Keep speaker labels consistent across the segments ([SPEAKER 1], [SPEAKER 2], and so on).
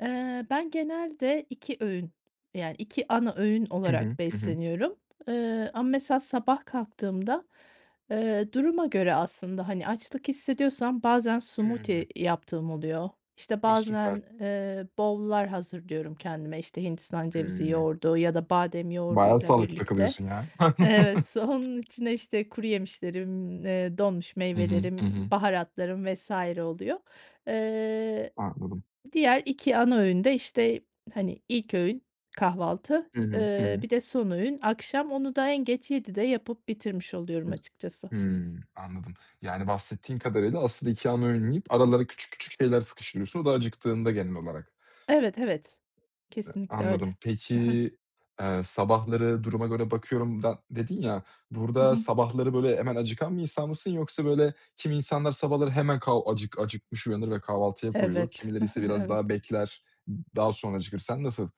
[SPEAKER 1] Eee, ben genelde 2 öğün, yani 2 ana öğün
[SPEAKER 2] Hı hı,
[SPEAKER 1] olarak
[SPEAKER 2] hı hı.
[SPEAKER 1] besleniyorum, eee, ama mesela sabah kalktığımda, eee, duruma göre aslında, hani, açlık hissediyorsam, bazen
[SPEAKER 2] Hı.
[SPEAKER 1] smoothie yaptığım oluyor İşte
[SPEAKER 2] A, süper.
[SPEAKER 1] bazen, eee, bowl'lar hazırlıyorum kendime, işte, hindistan cevizi
[SPEAKER 2] Hıı.
[SPEAKER 1] yoğurdu ya da badem
[SPEAKER 2] Bayağı
[SPEAKER 1] yoğurduyla
[SPEAKER 2] sağlıklı
[SPEAKER 1] birlikte
[SPEAKER 2] takılıyorsun ya.
[SPEAKER 1] Evet, onun içine işte kuruyemişlerim, eee, donmuş
[SPEAKER 2] Hı hı, hı
[SPEAKER 1] meyvelerim,
[SPEAKER 2] hı.
[SPEAKER 1] baharatlarım vs. oluyor. Eee,
[SPEAKER 2] Anladım.
[SPEAKER 1] diğer 2 ana öğün de, işte, hani, ilk öğün kahvaltı,
[SPEAKER 2] Hı hı, hı
[SPEAKER 1] eee,
[SPEAKER 2] hı.
[SPEAKER 1] bir de son öğün, akşam, onu da en geç 19.00'de yapıp bitirmiş oluyorum
[SPEAKER 2] Hıh.
[SPEAKER 1] açıkçası.
[SPEAKER 2] Hıı. Anladım. Yani bahsettiğin kadarıyla, asıl iki ana öğün yiyip, aralara küçük, küçük şeyler sıkıştırıyorsun. O da acıktığında genel olarak.
[SPEAKER 1] Evet, evet.
[SPEAKER 2] Hıh.
[SPEAKER 1] Kesinlikle öyle.
[SPEAKER 2] Anladım. Peki,
[SPEAKER 1] He he.
[SPEAKER 2] eee, sabahları duruma göre bakıyorum da dedin ya,
[SPEAKER 1] Hı
[SPEAKER 2] burada,
[SPEAKER 1] hı.
[SPEAKER 2] sabahları, böyle, hemen acıkan bir insan mısın yoksa, böyle, kimi insanlar sabahları hemen kav acık acıkmış uyanır ve kahvaltıya koyulur.
[SPEAKER 1] Evet,
[SPEAKER 2] Kimileri ise biraz
[SPEAKER 1] evet.
[SPEAKER 2] daha bekler, daha sonra acıkır. Sen nasıl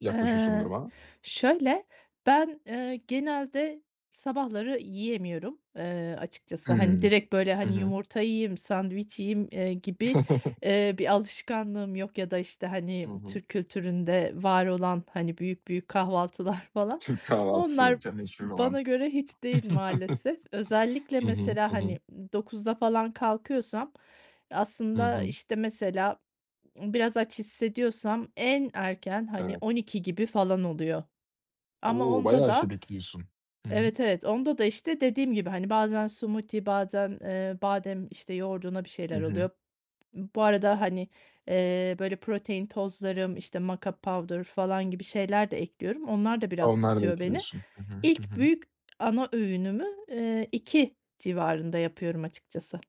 [SPEAKER 2] yaklaşıyorsun bu
[SPEAKER 1] Eee.
[SPEAKER 2] duruma?
[SPEAKER 1] Şöyle, ben, eee, genelde sabahları yiyemiyorum, eee, açıkçası. Hani
[SPEAKER 2] Hımm.
[SPEAKER 1] direkt böyle,
[SPEAKER 2] Hı
[SPEAKER 1] hani,
[SPEAKER 2] hı.
[SPEAKER 1] yumurta yiyeyim, sandviç yiyeyim, eee, gibi, eee, bir alışkanlığım yok, ya da, işte,
[SPEAKER 2] Hı
[SPEAKER 1] hani,
[SPEAKER 2] hı.
[SPEAKER 1] Türk kültüründe var olan, hani büyük, büyük kahvaltılar falan,
[SPEAKER 2] Türk kahvaltısı,
[SPEAKER 1] onlar
[SPEAKER 2] [unintelligible] meşhur olan.
[SPEAKER 1] bana göre hiç değil maalesef. Özellikle
[SPEAKER 2] Hı hı,
[SPEAKER 1] mesela,
[SPEAKER 2] hı hı.
[SPEAKER 1] hani, 09.00´da falan kalkıyorsam
[SPEAKER 2] Hı
[SPEAKER 1] aslında,
[SPEAKER 2] hı.
[SPEAKER 1] işte, mesela biraz aç hissediyorsam en erken, hani,
[SPEAKER 2] Evet.
[SPEAKER 1] 12.00 gibi falan oluyor. Ama
[SPEAKER 2] O,
[SPEAKER 1] onda
[SPEAKER 2] bayağı şey
[SPEAKER 1] da
[SPEAKER 2] bekliyorsun. Hı hı.
[SPEAKER 1] Evet, evet, onda da, işte dediğim gibi, hani, bazen smoothie bazen, eee, badem, işte, yoğurduna bir
[SPEAKER 2] Hı
[SPEAKER 1] şeyler
[SPEAKER 2] hı.
[SPEAKER 1] oluyor. B bu arada, hani, eee, böyle protein tozlarım, işte mocka powder falan gibi şeyler de ekliyorum. Onlar da biraz
[SPEAKER 2] Onları da
[SPEAKER 1] tutuyor beni.
[SPEAKER 2] ekliyorsun. Hı hı, hı
[SPEAKER 1] İlk
[SPEAKER 2] hı.
[SPEAKER 1] büyük ana öğünümü, eee, 14.00 civarında yapıyorum açıkçası.